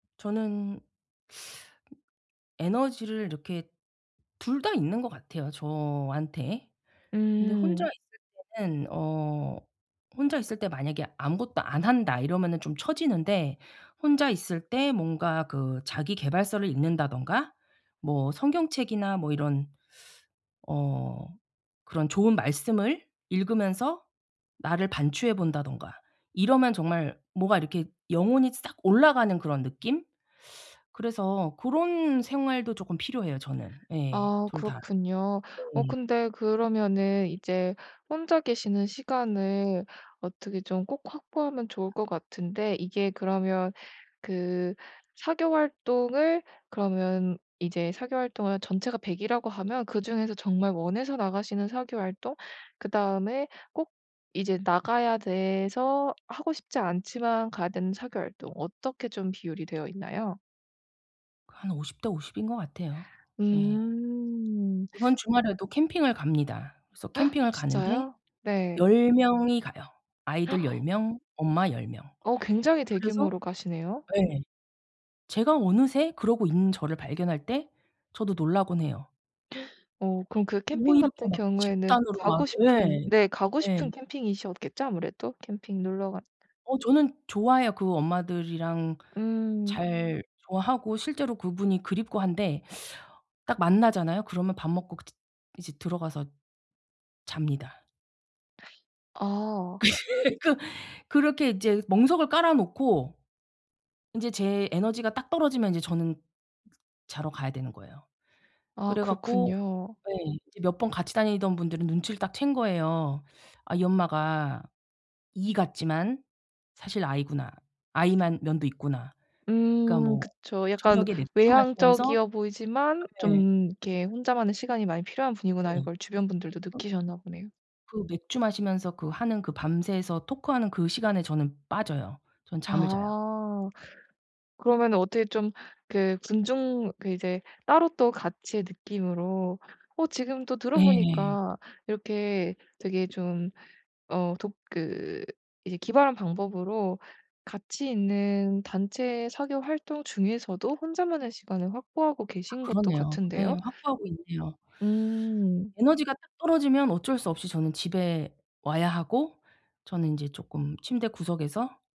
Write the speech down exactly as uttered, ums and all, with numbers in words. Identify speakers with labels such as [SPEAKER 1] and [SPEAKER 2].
[SPEAKER 1] 저는 에너지를 이렇게 둘 다 있는 것 같아요 저한테. 근데 혼자
[SPEAKER 2] 음.
[SPEAKER 1] 있을 때는 어 '혼자 있을 때 만약에 아무것도 안 한다.' 이러면은 좀 쳐지는데 혼자 있을 때 뭔가 그 자기 계발서를 읽는다든가 뭐 성경책이나 뭐 이런 어 그런 좋은 말씀을 읽으면서 나를 반추해 본다든가 이러면 정말 뭐가 이렇게 영혼이 싹 올라가는 그런 느낌? 그래서 고런 생활도 조금 필요해요 저는. 예.
[SPEAKER 2] 아
[SPEAKER 1] 둘 다.
[SPEAKER 2] 그렇군요. 어
[SPEAKER 1] 네.
[SPEAKER 2] 근데 그러면은 이제 혼자 계시는 시간을 어떻게 좀 꼭 확보하면 좋을 것 같은데 이게 그러면 그 사교 활동을 그러면 이제 사교 활동을 전체가 백 이라고 하면 그중에서 정말 원해서 나가시는 사교 활동? 그다음에 꼭 이제 나가야 돼서 하고 싶지 않지만 가야 되는 사교 활동 어떻게 좀 비율이 되어 있나요?
[SPEAKER 1] 한 오십 대 오십 인 것 같아요. 예.
[SPEAKER 2] 음.
[SPEAKER 1] 이번 주말에도 캠핑을 갑니다. 그래서 캠핑을 가는데
[SPEAKER 2] 진짜요? 네.
[SPEAKER 1] 열 명이 가요. 아이들 열 명, 엄마 열 명.
[SPEAKER 2] 어 굉장히
[SPEAKER 1] 그래서
[SPEAKER 2] 대규모로 가시네요?
[SPEAKER 1] 네. 제가 어느새 그러고 있는 저를 발견할 때 저도 놀라고는 해요.
[SPEAKER 2] 어 그럼 그
[SPEAKER 1] 뭐
[SPEAKER 2] 캠핑
[SPEAKER 1] 이렇게
[SPEAKER 2] 같은
[SPEAKER 1] 막
[SPEAKER 2] 경우에는
[SPEAKER 1] 집단으로 막
[SPEAKER 2] 가고 싶은
[SPEAKER 1] 예.
[SPEAKER 2] 네 가고
[SPEAKER 1] 예.
[SPEAKER 2] 싶은 캠핑이셨겠죠 아무래도? 캠핑 놀러 가
[SPEAKER 1] 어 저는 좋아해요. 그 엄마들이랑
[SPEAKER 2] 음.
[SPEAKER 1] 잘 좋아하고 실제로 그분이 그립고 한데 딱 만나잖아요. 그러면 밥 먹고 그제 이제 들어가서 잡니다.
[SPEAKER 2] 아.
[SPEAKER 1] 그렇게 이제 멍석을 깔아 놓고 인제 제 에너지가 딱 떨어지면 이제 저는 쓰 자러 가야 되는 거예요.
[SPEAKER 2] 아
[SPEAKER 1] 그래 갖고
[SPEAKER 2] 그렇군요.
[SPEAKER 1] 예 이제 몇 번 같이 다니던 분들은 눈치를 딱 챈 거예요. '아 이 엄마가 e 같지만 사실 i 구나. i 만 면도 있구나.' 그러니까
[SPEAKER 2] 음
[SPEAKER 1] 뭐
[SPEAKER 2] 그쵸. '약간
[SPEAKER 1] 저녁에 맥주 마시면서 어
[SPEAKER 2] 외향적이어 보이지만
[SPEAKER 1] 네.
[SPEAKER 2] 좀 이렇게 혼자만의 시간이 많이 필요한 분이구나.' 이걸
[SPEAKER 1] 네.
[SPEAKER 2] 주변 분들도 느끼셨나 보네요.
[SPEAKER 1] 그 맥주 마시면서 그 하는 그 밤새서 토크하는 그 시간에 저는 빠져요. 저는 잠을 자요.
[SPEAKER 2] 아. 그러면은 어떻게 좀 그 군중 그 이제 따로 또 같이의 느낌으로 어 지금 또
[SPEAKER 1] 예.
[SPEAKER 2] 들어보니까 이렇게 되게 좀 어 독 그 이제 기발한 방법으로 같이 있는 단체 사교 활동 중에서도 혼자만의 시간을 확보하고
[SPEAKER 1] 아
[SPEAKER 2] 계신 것도
[SPEAKER 1] 그러네요.
[SPEAKER 2] 같은데요?
[SPEAKER 1] 예 확보하고 있네요.
[SPEAKER 2] 음.
[SPEAKER 1] 에너지가 딱 떨어지면 어쩔 수 없이 저는 집에 와야 하고 저는 인제 쪼끔 침대 구석에서